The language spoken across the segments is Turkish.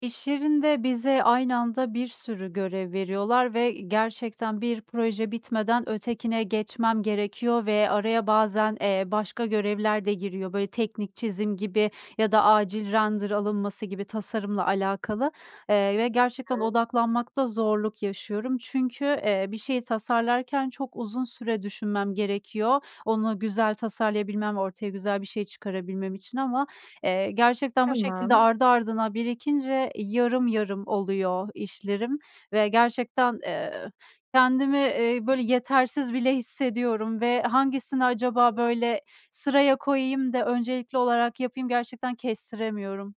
İş yerinde bize aynı anda bir sürü görev veriyorlar ve, iii, gerçekten bir proje bitmeden ötekine geçmem gerekiyor ve araya bazen, eee, başka görevler de giriyor, böyle, teknik çizim gibi ya da acil render alınması gibi tasarımla alakalı, eee, ve gerçekten [unintelligible] odaklanmakta zorluk yaşıyorum. Çünkü, eee, bir şeyi tasarlarken çok uzun süre düşünmem gerekiyor, onu güzel tasarlayabilmem, ortaya güzel bir şey çıkarabilmem için ama, eee, gerçekten bu şekilde Tamam. ardı ardına birikince yarım yarım oluyor işlerim ve gerçekten, eee, kendimi, eee, böyle, yetersiz bile hissediyorum ve hangisini acaba, [unintelligible] böyle, sıraya koyayım da öncelikli olarak yapayım, gerçekten kestiremiyorum.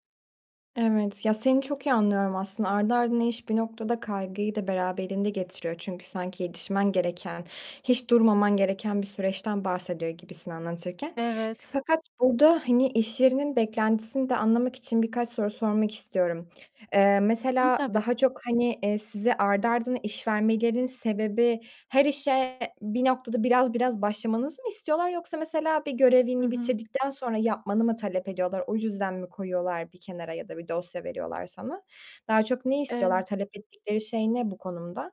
Evet, ya, seni çok iyi anlıyorum aslında. Ardı ardına iş bir noktada kaygıyı da beraberinde getiriyor çünkü sanki yetişmen gereken, hiç durmaman gereken bir süreçten bahsediyor gibisin anlatırken. Evet. Fakat burada, hani, iş yerinin beklentisini de anlamak için birkaç soru sormak istiyorum. Eee, Hı, mesela tabii. daha çok, hani, eee, size ardı ardına iş vermelerinin sebebi her işe bir noktada biraz biraz başlamanızı mı istiyorlar yoksa mesela bir Hı görevini hı. bitirdikten sonra yapmanı mı talep ediyorlar. O yüzden mi koyuyorlar bir kenara ya da bir dosya veriyorlar sana? Daha çok ne istiyorlar, Evet. talep ettikleri şey ne bu konuda?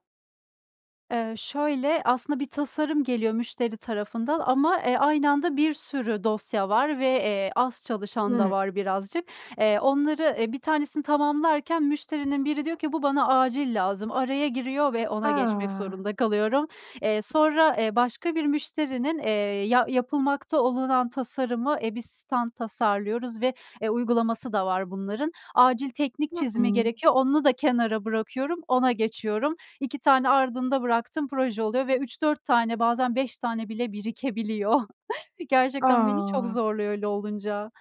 Eee, şöyle aslında bir tasarım geliyor müşteri tarafından ama, eee, aynı anda bir sürü dosya var ve, eee, az çalışan da Hıı. var birazcık. Eee, onları, e 1 tanesini tamamlarken müşterinin biri diyor ki: "Bu bana acil lazım." Araya giriyor ve ona geçmek A! zorunda kalıyorum. Eee, sonra, eee, başka bir müşterinin, eee, ya yapılmakta olunan tasarımı, EBİS'ten tasarlıyoruz ve, eee, uygulaması da var bunların. Acil teknik Hı çizimi hı. gerekiyor, onu da kenara bırakıyorum, ona geçiyorum. 2 tane ardında bıraktığım proje oluyor ve 3-4 tane bazen 5 tane bile birikebiliyor. Gerçekten beni çok A! zorluyor öyle olunca.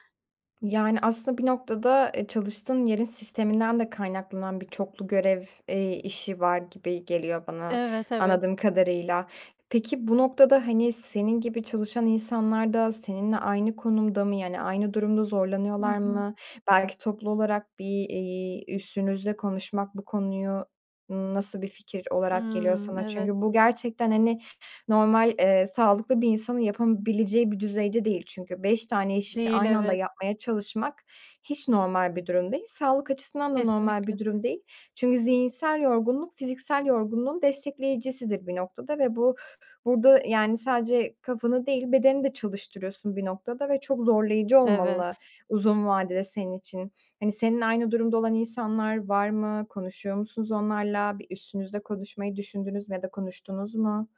Yani, aslında bir noktada, eee, çalıştığın yerin sisteminden de kaynaklanan bir çoklu görev, eee, işi var gibi geliyor bana Evet, evet. anladığım kadarıyla. Peki bu noktada, hani, senin gibi çalışan insanlar da seninle aynı konumda mı yani aynı durumda Hı zorlanıyorlar hı. mı? Belki toplu olarak bir, iii, üstünüzle konuşmak bu konuyu n nasıl bir fikir olarak geliyor Hımm. sana? Evet. Çünkü bu gerçekten, hani, normal, eee, sağlıklı bir insanın yapabileceği bir düzeyde değil çünkü 5 tane iş Değil, aynı anda evet. yapmaya çalışmak, hiç normal bir durum değil. Sağlık açısından da normal Kesinlikle. bir durum değil. Çünkü zihinsel yorgunluk fiziksel yorgunluğun destekleyicisidir bir noktada ve bu burada yani sadece kafanı değil bedeni de çalıştırıyorsun bir noktada ve çok zorlayıcı olmalı Evet. uzun vadede senin için. Hani, seninle aynı durumda olan insanlar var mı? Konuşuyor musunuz onlarla? Bir üstünüzle konuşmayı düşündünüz mü ya da konuştunuz mu?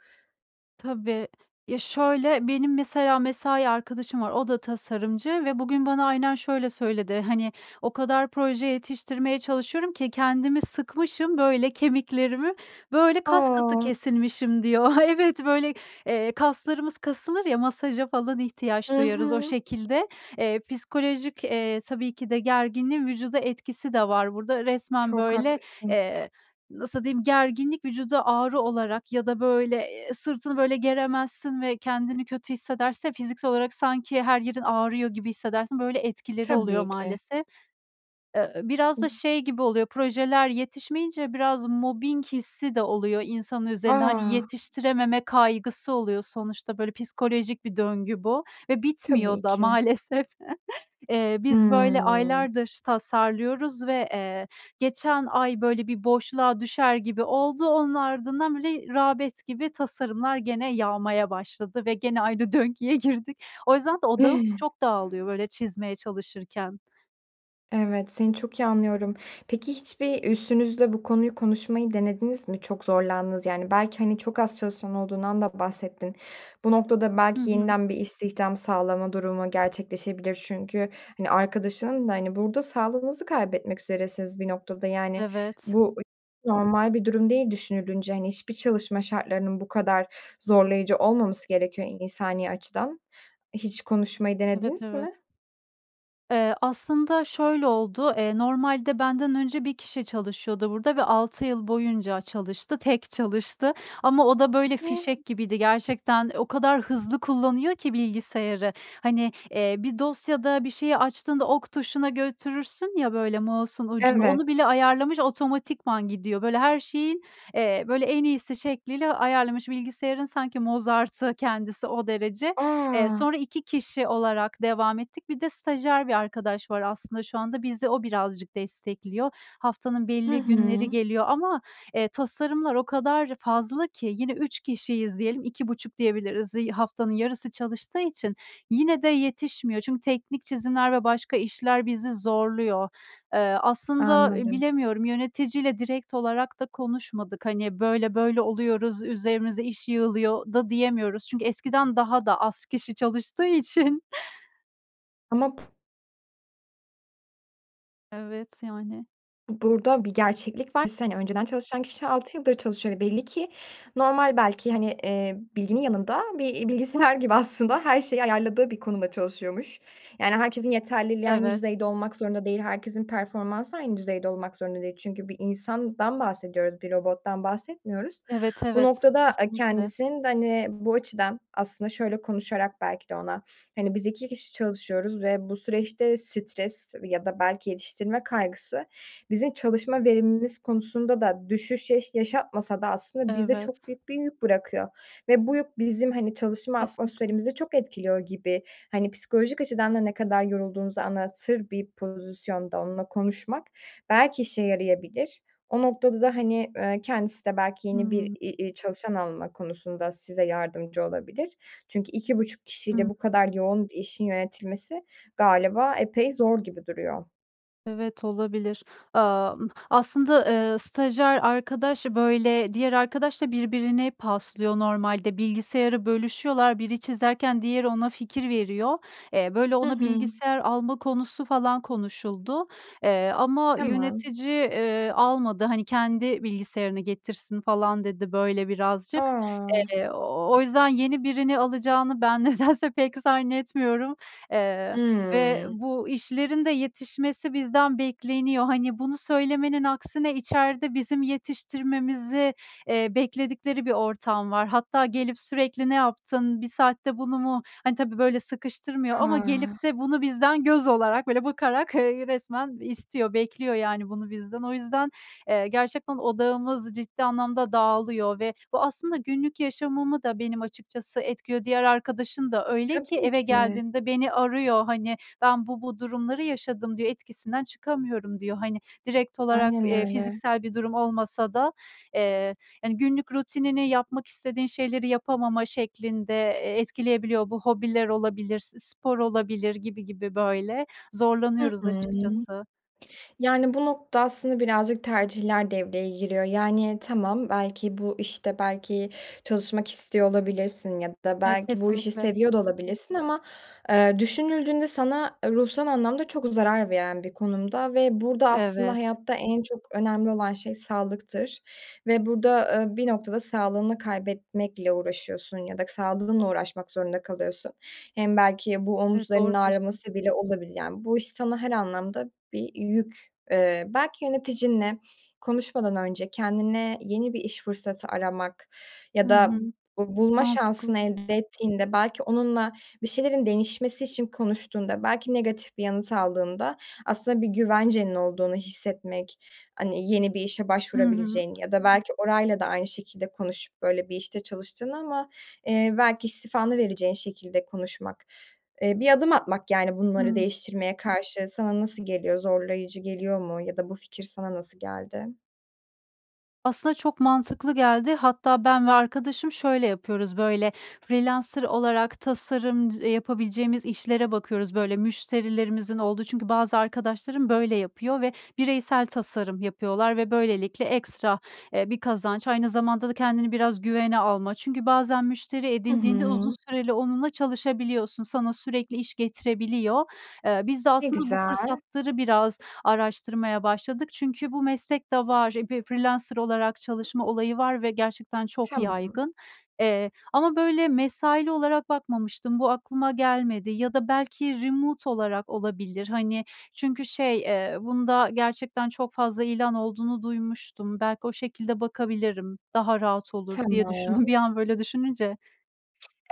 Tabii. Ya, şöyle: Benim mesela mesai arkadaşım var, o da tasarımcı ve bugün bana aynen şöyle söyledi: "Hani, o kadar proje yetiştirmeye çalışıyorum ki kendimi sıkmışım, böyle kemiklerimi, böyle kaskatı A. kesilmişim" diyor. Evet, böyle, eee, kaslarımız kasılır ya, masaja falan ihtiyaç Hı duyarız o hı. şekilde. Eee, psikolojik, eee, tabii ki de gerginliğin vücuda etkisi de var burada. Resmen Çok böyle, haklısın. eee, nasıl diyeyim? Gerginlik vücuda ağrı olarak ya da böyle, eee, sırtını böyle geremezsin ve kendini kötü hissedersin ya, fiziksel olarak sanki her yerin ağrıyor gibi hissedersin böyle etkileri oluyor Tabii ki. maalesef. Eee, ııı, biraz da [unintelligible] şey gibi oluyor projeler yetişmeyince biraz mobbing hissi de oluyor insanın üzerinde. Hani, A. yetiştirememe kaygısı oluyor sonuçta, böyle psikolojik bir döngü bu ve Tabii bitmiyor da ki. maalesef. Eee, biz böyle Hıı. aylardır tasarlıyoruz ve, eee, geçen ay böyle bir boşluğa düşer gibi oldu, onun ardından böyle rağbet gibi tasarımlar gene yağmaya başladı ve gene aynı döngüye girdik. O yüzden de odağımız çok dağılıyor böyle çizmeye çalışırken. Evet, seni çok iyi anlıyorum. Peki, hiçbir üstünüzle bu konuyu konuşmayı denediniz mi? Çok zorlandığınızı yani. Belki, hani, çok az çalışan olduğundan da bahsettin. Bu noktada Hı belki hı. yeniden bir istihdam sağlama durumu gerçekleşebilir çünkü, hani, arkadaşının da... Hani, burada sağlığınızı kaybetmek üzeresiniz bir noktada yani. Evet. Bu hiç normal bir durum değil düşünülünce, hani, hiçbir çalışma şartlarının bu kadar zorlayıcı olmaması gerekiyor insani açıdan. Hiç konuşmayı Evet, denediniz evet. mi? Eee, aslında şöyle oldu: Eee, normalde benden önce 1 kişi çalışıyordu burada ve 6 yıl boyunca çalıştı, tek çalıştı. Ama o da böyle fişek [unintelligible] gibiydi. Gerçekten o kadar hızlı kullanıyor ki bilgisayarı, hani, ııı, bir dosyada bir şeyi açtığında ok tuşuna götürürsün ya böyle mouse'un ucunu, onu bile Evet. ayarlamış otomatikman gidiyor. Böyle her şeyin, eee, böyle en iyisi şekliyle ayarlamış, bilgisayarın sanki Mozart'ı kendisi, o derece. Eee, A! sonra 2 kişi olarak devam ettik. Bir de stajyer bir arkadaş var aslında şu anda. Bizi o birazcık destekliyor. Haftanın Hı belli günleri hı. geliyor ama, eee, tasarımlar o kadar fazla ki, yine 3 kişiyiz diyelim 2,5 diyebiliriz. Iıı, haftanın yarısı çalıştığı için yine de yetişmiyor, çünkü teknik çizimler ve başka işler bizi zorluyor. Iıı, aslında, iii, Anladım. bilemiyorum yöneticiyle direkt olarak da konuşmadık, hani, böyle böyle oluyoruz, üzerimizde iş yığılıyor da diyemiyoruz. Çünkü eskiden daha da az kişi çalıştığı için. Ama pu Evet, yani. Burada bir gerçeklik var. sene önceden çalışan kişi 6 yıldır çalışıyor ve belli ki normal belki, hani, ııı, bilginin yanında bir, iii, bilgisayar gibi aslında her şeyi ayarladığı bir konuda çalışıyormuş. Yani herkesin yeterliliği aynı Evet. düzeyde olmak zorunda değil. Herkesin performansı aynı düzeyde olmak zorunda değil. Çünkü bir insandan bahsediyoruz, bir robottan bahsetmiyoruz. Evet, Bu evet. noktada, ııı, Kesinlikle. kendisinin de, hani, bu açıdan aslında şöyle konuşarak belki de ona, hani, biz 2 kişi çalışıyoruz ve bu süreçte stres ya da belki yetiştirme kaygısı bizim çalışma verimimiz konusunda da düşüş yaş yaşatmasa da aslında bize çok Evet. büyük bir yük bırakıyor ve bu yük bizim, hani, çalışma Kesinlikle. atmosferimizi çok etkiliyor gibi, hani, psikolojik açıdan da ne kadar yorulduğunuzu anlatır bir pozisyonda onunla konuşmak belki işe yarayabilir. O noktada da, hani, ııı, kendisi de belki yeni bir, Hımm. i i çalışan alma konusunda size yardımcı olabilir. Çünkü 2,5 kişiyle Hımm. bu kadar yoğun işin yönetilmesi galiba epey zor gibi duruyor. Evet olabilir. Aaa, ımm, aslında, eee, stajyer arkadaş, böyle, diğer arkadaş da birbirine paslıyor normalde bilgisayarı bölüşüyorlar biri çizerken diğeri ona fikir veriyor. Eee, böyle Hı ona hı. bilgisayar alma konusu falan konuşuldu. Eee, ama Tamam. yönetici, ııı, almadı. Hani, "Kendi bilgisayarını getirsin." falan dedi böyle birazcık. A! Eee, ooo, o yüzden yeni birini alacağını ben nedense pek zannetmiyorum. Eee, ve Hıı. bu işlerin de yetişmesi bizden bekleniyor. Hani, bunu söylemenin aksine içeride bizim yetiştirmemizi, eee, bekledikleri bir ortam var. Hatta gelip sürekli ne yaptın, 1 saatte bunu mu ha tabii, böyle, sıkıştırmıyor ama A! gelip de bunu bizden göz olarak, böyle bakarak, eee, resmen istiyor, bekliyor, yani, bunu bizden. O yüzden, eee, gerçekten odağımız ciddi anlamda dağılıyor. Ve bu aslında günlük yaşamımı da benim açıkçası etkiliyor. Diğer arkadaşın da öyle ki Tabii eve ki. geldiğinde beni arıyor, hani, "Ben bu bu durumları yaşadım." diyor "Etkisinden çıkamıyorum." diyor. Hani, direkt olarak, Aynen eee, öyle. fiziksel bir durum olmasa da, eee, hani, günlük rutinini yapmak istediğin şeyleri yapamama şeklinde, eee, etkileyebiliyor. Bu hobiler olabilir, s spor olabilir gibi gibi böyle Hı zorlanıyoruz hı. açıkçası. Yani, bu noktada aslında birazcık tercihler devreye giriyor. Yani, tamam, belki, bu işte, belki, çalışmak istiyor olabilirsin ya da Evet belki bu işi kesinlikle. seviyor da olabilirsin. Ama, eee, düşünüldüğünde sana ruhsal anlamda çok zarar veren bir konumda. Ve burada aslında Evet. hayatta en çok önemli olan şey sağlıktır. Ve burada, ııı, bir noktada sağlığını kaybetmekle uğraşıyorsun ya da sağlığınla uğraşmak zorunda kalıyorsun. Hem belki bu Evet, omuzlarının doğru diyorsun. ağrıması bile olabilir. Yani, bu iş sana her anlamda bir yük... Eee, belki yöneticinle konuşmadan önce kendine yeni bir iş fırsatı aramak Hı ya da hı. bu bulma Mantıklı. şansını elde ettiğinde belki onunla bir şeylerin değişmesi için konuştuğunda belki negatif bir yanıt aldığında aslında bir güvencenin olduğunu hissetmek Hani, yeni bir işe Hı hı. başvurabileceğin ya da belki orayla da aynı şekilde konuşup böyle bir, işte, çalıştığını ama, eee, belki istifanı vereceğin şekilde konuşmak, eee, bir adım atmak, yani, bunları Hıı. değiştirmeye karşı. Sana nasıl geliyor? Zorlayıcı geliyor mu ya da bu fikir sana nasıl geldi? Aslında çok mantıklı geldi. Hatta ben ve arkadaşım, şöyle, yapıyoruz, böyle, freelancer olarak tasarımc yapabileceğimiz işlere bakıyoruz, böyle, müşterilerimizin olduğu çünkü bazı arkadaşlarım, böyle, yapıyor ve bireysel tasarım yapıyorlar ve böylelikle ekstra, eee, bir kazanç aynı zamanda da kendini biraz güvene alma. Çünkü bazen müşteri Hı edindiğinde uzun hı. süreli onunla çalışabiliyorsun, sana sürekli iş getirebiliyor. Eee, biz de Ne aslında bu güzel. fırsatları biraz araştırmaya başladık. Çünkü bu meslekte var, eee, f freelancer olarak çalışma olayı var ve gerçekten çok Tamam. yaygın. Eee, ama, böyle, mesaili olarak bakmamıştım, bu aklıma gelmedi ya da belki remote olarak olabilir, hani, çünkü şey, eee, bunda gerçekten çok fazla ilan olduğunu duymuştum, belki o şekilde bakabilirim, daha rahat olur diye düşündüm Tamam. bir an, böyle, düşününce.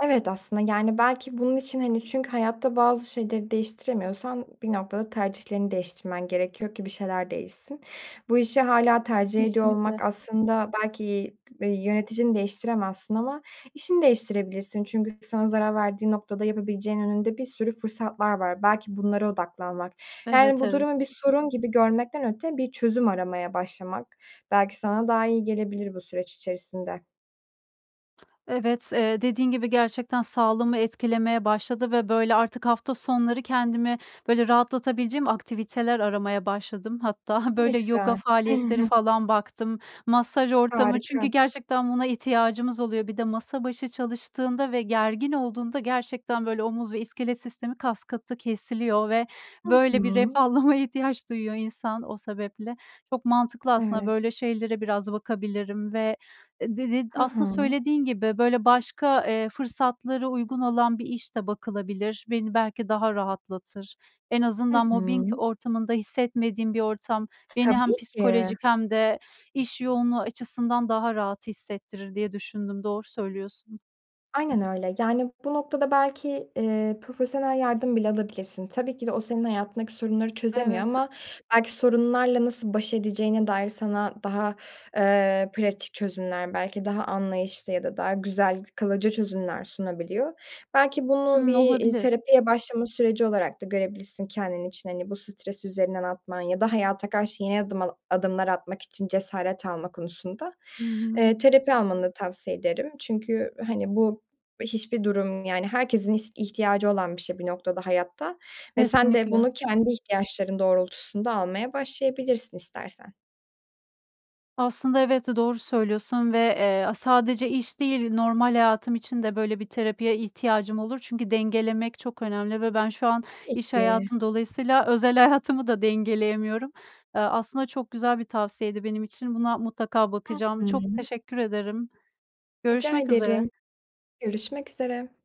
Evet aslında, yani, belki bunun için, hani, çünkü hayatta bazı şeyleri değiştiremiyorsan bir noktada tercihlerini değiştirmen gerekiyor ki bir şeyler değişsin. Bu işi hâlâ tercih ediyor Kesinlikle. olmak aslında belki, iii, yöneticini değiştiremezsin ama işini değiştirebilirsin çünkü sana zarar verdiği noktada yapabileceğin önünde bir sürü fırsatlar var, belki bunlara odaklanmak... Yani, Evet, bu evet. durumu bir sorun gibi görmekten öte bir çözüm aramaya başlamak belki sana daha iyi gelebilir bu süreç içerisinde. Evet. Eee, dediğin gibi gerçekten sağlığımı etkilemeye başladı ve böyle artık hafta sonları kendimi, böyle, rahatlatabileceğim aktiviteler aramaya başladım. Hatta, Bu ne böyle, yoga güzel. faaliyetleri falan baktım, masaj ortamı... Harika. Çünkü gerçekten buna ihtiyacımız oluyor. Bir de masa başı çalıştığında ve gergin olduğunda gerçekten böyle omuz ve iskelet sistemi kaskatı kesiliyor ve Hı böyle bir hı. ferahlamaya ihtiyaç duyuyor insan o sebeple. Çok mantıklı aslında Evet. böyle şeylere biraz bakabilirim ve, eee, d d Hı aslında hı. söylediğin gibi böyle başka, eee, fırsatları uygun olan bir iş de bakılabilir. Beni belki daha rahatlatır. "En Hı azından mobbing hı. ortamında hissetmediğim bir ortam beni hem Tabii ki. psikolojik hem de iş yoğunluğu açısından daha rahat hissettirir." diye düşündüm, doğru söylüyorsun. Aynen öyle, yani, bu noktada belki, eee, profesyonel yardım bile alabilirsin. Tabii ki de o senin hayatındaki sorunları çözemiyor Evet. ama belki sorunlarla nasıl baş edeceğine dair sana daha, eee, pratik çözümler, belki daha anlayışlı ya da daha güzel, kalıcı çözümler sunabiliyor. Belki bunu bir, Hımm eee, olabilir. terapiye başlama süreci olarak da görebilirsin kendin için. Hani bu stresi üzerinden atman ya da hayata karşı yeni adımla adımlar atmak için cesaret alma konusunda, Hı hı. eee, terapi almanı tavsiye ederim. Çünkü hani bu hiçbir durum, yani, herkesin ih ihtiyacı olan bir şey bir noktada hayatta ve sen de Kesinlikle. bunu kendi ihtiyaçların doğrultusunda almaya başlayabilirsin istersen. Aslında elbette doğru söylüyorsun ve, eee, a sadece iş değil normal hayatım için de böyle bir terapiye ihtiyacım olur. Çünkü dengelemek çok önemli ve ben şu an Tabii iş ki. hayatım dolayısıyla özel hayatımı da dengeleyemiyorum. Eee, aslında çok güzel bir tavsiyeydi benim için, buna mutlaka bakacağım. Hı Çok hı. teşekkür ederim. Rica Görüşmek ederim, üzere. görüşmek üzere.